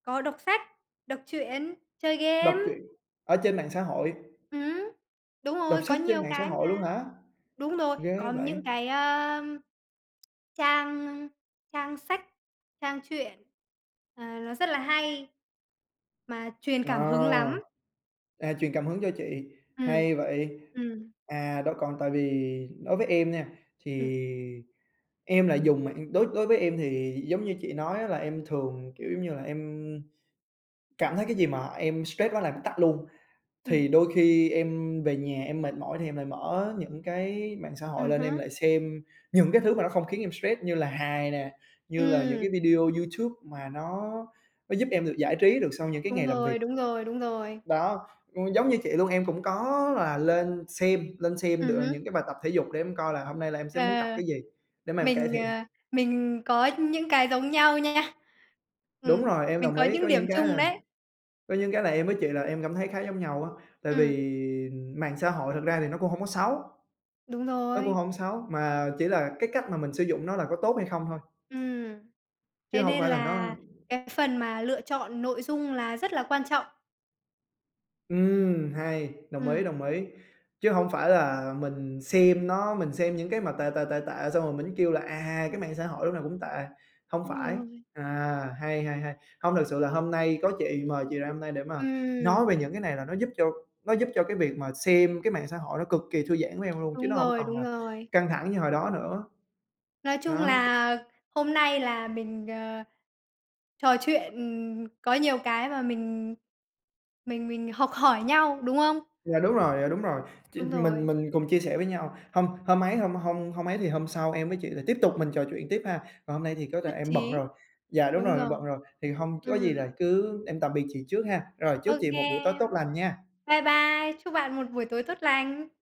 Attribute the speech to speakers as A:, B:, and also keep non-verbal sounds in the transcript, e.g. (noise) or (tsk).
A: Có đọc sách, đọc truyện, chơi game.
B: Đọc truyện ở trên mạng xã hội.
A: Ừm. Đúng
B: Đọc
A: rồi, có
B: sách trên
A: nhiều
B: mạng xã
A: cái
B: hội luôn
A: mà.
B: hả?
A: Đúng rồi,
B: Ghê
A: còn
B: vậy!
A: những cái á, (tsk) trang trang sách, trang truyện, à, nó rất là hay mà truyền
B: Ờ,
A: cảm hứng lắm.
B: à, truyền cảm hứng cho chị,
A: Ừm.
B: hay vậy.
A: Ừm.
B: À, đó, còn tại vì đối với em nha,
A: Ừm.
B: thì em lại dùng mạng đối đối với em thì giống như chị nói á, là em thường, kiểu giống như là, em cảm thấy cái gì mà em stress đó là tắt luôn. Thì
A: Ừm.
B: đôi khi em về nhà em mệt mỏi thì em lại mở những cái mạng xã hội
A: Ừm
B: lên, em
A: hứm.
B: lại xem những cái thứ mà nó không khiến em stress như là hài nè, như là những
A: Ừm!
B: cái video YouTube mà nó nó giúp em được giải trí được sau những cái
A: Đúng
B: ngày làm
A: rồi,
B: việc.
A: đúng rồi, đúng rồi.
B: Đó, ừm, giống như chị luôn, em cũng có là lên xem lên xem
A: Ừm
B: được
A: hứm.
B: những cái bài tập thể dục để em coi là hôm nay là em sẽ muốn tập
A: Ờ.
B: cái gì, để mà em cải
A: Mình,
B: thiện.
A: ờ, mình có những cái giống nhau nha.
B: Đúng
A: Ừm,
B: rồi, em
A: mình
B: đồng
A: có
B: ý. Có
A: những điểm
B: những cái
A: chung
B: là
A: đấy.
B: có những cái là em với chị là em cảm thấy khá giống nhau á. Tại
A: Ừm.
B: vì mạng xã hội thực ra thì nó cũng hổng có xấu
A: Đúng
B: nó cũng
A: rồi.
B: hổng xấu, mà chỉ là cái cách mà mình sử dụng nó là có tốt hay không thôi.
A: Ừm.
B: Chứ
A: Thế
B: hông
A: nên
B: phải là nó
A: là cái phần mà lựa chọn nội dung là rất là quan trọng.
B: Ừm! Hay, đồng ý,
A: Ừm.
B: đồng ý! Chứ hổng phải là mình xem nó mình xem những cái mà tệ, tệ, tệ, tệ xong rồi mình kêu là, à, cái mạng xã hội lúc nào cũng tệ, hông
A: Đúng
B: phải.
A: rồi.
B: À, hay, hay, hay! Hông, thực sự là hôm nay có chị, mời chị ra hôm nay để mà nói
A: Ừm.
B: về những cái này là nó giúp cho nó giúp cho cái việc mà xem cái mạng xã hội nó cực kỳ thư giãn với em luôn, chứ
A: Đúng
B: nó hổng
A: rồi,
B: còn
A: đúng
B: là
A: rồi.
B: căng thẳng như hồi đó nữa.
A: Nói chung
B: Đó.
A: là hôm nay là mình, ờ, trò chuyện, ừm, có nhiều cái mà mình mình mình học hỏi nhau, đúng không?
B: Dạ đúng rồi, dạ đúng rồi. Ch
A: Đúng
B: mình
A: rồi.
B: mình cùng chia sẻ với nhau. Hông hông ấy hông hông hông ấy, thì hôm sau em với chị lại tiếp tục mình trò chuyện tiếp ha. Còn hôm nay thì có thể
A: Nhất
B: em bận
A: trí.
B: rồi, dạ, đúng
A: Đúng
B: rồi, em
A: rồi.
B: bận rồi. Thì hông, có gì
A: Ừm.
B: là cứ em tạm biệt chị trước ha, rồi chúc chị
A: OK
B: một buổi tối tốt
A: em.
B: lành nha.
A: Bye bye. Chúc bạn một buổi tối tốt lành.